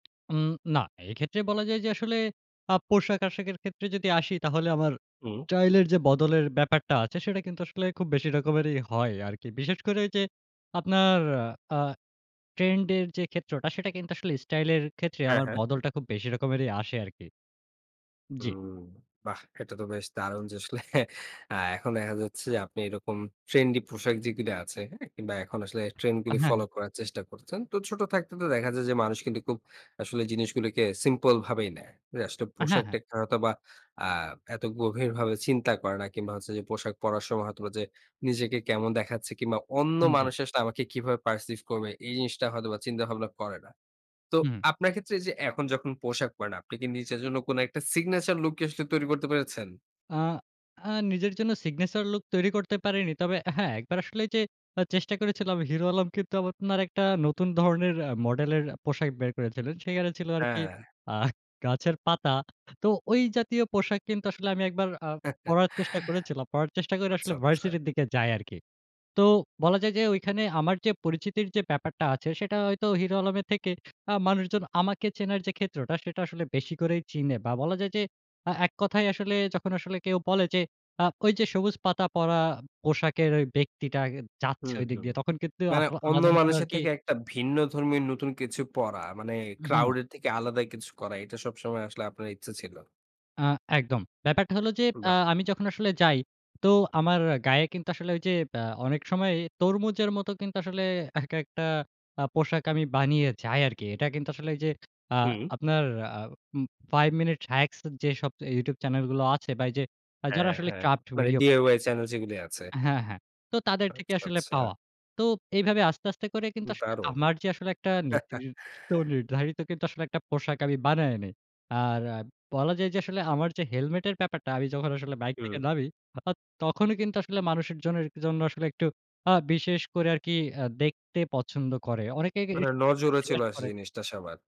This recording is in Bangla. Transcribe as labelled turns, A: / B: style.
A: উম না, এক্ষেত্রে বলা যায় যে, আসলে আ পোশাক-আশাকের ক্ষেত্রে যদি আসি, তাহলে আমার
B: হু।
A: স্টাইলের যে বদলের ব্যাপারটা আছে, সেটা কিন্তু আসলে খুব বেশি রকমেরই হয় আরকি। বিশেষ করে ওইযে, আপনার আ ট্রেন্ড এর যে ক্ষেত্রটা, সেটা কিন্তু আসলে স্টাইল এর ক্ষেত্রে,
B: হ্যাঁ,
A: আমার
B: হ্যাঁ।
A: বদলটা খুব বেশি রকমেরই আসে আরকি। জি।
B: হুম, বাহ! এটা তো বেশ দারুণ যে, আসলে আ এখন দেখা যাচ্ছে যে, আপনি এরকম ট্রেন্ডি পোশাক যেগুলি আছে, হ্যাঁ? কিংবা এখন আসলে ট্রেন্ড
A: আ
B: গুলো
A: হ্যাঁ,
B: ফলো
A: হ্যাঁ।
B: করার চেষ্টা করছেন। তো ছোট থাকতে তো দেখা যায় যে, মানুষ কিন্তু খুব আসলে জিনিসগুলিকে সিম্পল ভাবেই নেয়। যে আসলে
A: আ হ্যাঁ, হ্যাঁ।
B: পোশাকটা হয়তোবা আ এত গভীরভাবে চিন্তা করে না, কিংবা হচ্ছে যে, পোশাক পড়ার সময় হয়তোবা যে, নিজেকে কেমন দেখাচ্ছে কিংবা "অন্য
A: উম জী।
B: মানুষ আসলে আমাকে কীভাবে পারসিভ করবে?" এই জিনিসটা হয়তোবা চিন্তা-ভাবনা করে না। তো
A: উহু।
B: আপনার ক্ষেত্রে যে, এখন যখন পোশাক পড়েন, আপনি কি নিজের জন্য কোন একটা সিগনেচার লুককে, আসলে তৈরি করতে পেরেছেন?
A: আ আ নিজের জন্য সিগনেচার লুক তৈরি করতে পারেনি। তবে অ্যা হ্যাঁ, একবার আসলে ওইযে আ চেষ্টা করেছিলাম, হিরো আলম কিন্তু আপনার একটা নতুন ধরনের অ্যা মডেলের পোশাক বের করেছিলেন। সেখানে ছিল আরকি
B: হ্যাঁ।
A: আ গাছের পাতা। তো ওই জাতীয় পোশাক কিন্তু আসলে আমি একবার আ পড়ার চেষ্টা করেছিলাম। পড়ার চেষ্টা করে আসলে
B: আচ্ছা, আচ্ছা।
A: ভার্সিটির দিকে যাই আরকি। তো বলা যায় যে, ঐখানে আমার যে পরিচিতির যে ব্যাপারটা আছে, সেটা হয়তো হিরো আলমের থেকে, আ মানুষজন আমাকে চেনার যে ক্ষেত্রটা, সেটা আসলে বেশি করেই চিনে বা বলা যায় যে, আ এক কথায় আসলে যখন আসলে কেউ বলে যে, আ "ঐ যে সবুজ পাতা পড়া পোশাকের ওই ব্যক্তিটা যাচ্ছে,
B: হুম,
A: ঐদিক
B: হুম।
A: দিয়ে।" তখন কিন্তু
B: মানে
A: আহা
B: অন্য
A: আলাদা রকম
B: মানুষের
A: আরকি
B: থেকে, একটা ভিন্ন ধর্মির নতুন কিছু পড়া মানে,
A: উ হু।
B: ক্রাউড এর থেকে আলাদা কিছু করা। এটা সবসময় আসলে আপনার ইচ্ছা ছিল।
A: আ একদম। ব্যাপারটা হল যে, আ
B: বাহ!
A: আমি যখন আসলে যাই, তো আমার গায়ে কিন্তু আসলে ওই যে, ব্যা অনেক সময় তরমুজের মত কিন্তু আসলে এক একটা আ পোশাক আমি বানিয়ে যাই আরকি। এটা কিন্তু আসলে ওই যে, আ
B: হু।
A: আপনার আ উম 5 মিনিটস হাক্স, যেসব YouTube চ্যানেল গুলো আছে বা এই যে যারা
B: হ্যাঁ,
A: আসলে
B: হ্যাঁ।
A: ক্র্যাফট
B: মানে
A: ভিডিও বানায়
B: DIY চ্যানেল যেগুলো আছে।
A: হ্যাঁ, হ্যাঁ। তো তাদের থেকে
B: আচ্ছা,
A: আসলে
B: আচ্ছা।
A: পাওয়া। তো এইভাবে আস্তে, আস্তে করে কিন্তু আসলে
B: দারুণ!
A: আমার যে, আসলে একটা নির্দিষ্ট, নির্ধারিত কিন্তু, আসলে একটা পোশাক আমি বানায় নেই। আর আ বলা যায় যে, আসলে আমার যে হেলমেট এর ব্যাপারটা, আমি যখন আসলে বাইক থেকে
B: হুম।
A: নামি, [unintelligible] তখনই কিন্তু আসলে মানুষিক জনে এর জন্য আসলে একটু আ বিশেষ করে আরকি অ্যা দেখতে পছন্দ করে। অনেকে কে
B: মানে
A: [unintelligible]
B: নজরে চলে
A: জিজ্ঞাসা
B: আসে
A: করে
B: জিনিসটা সবার।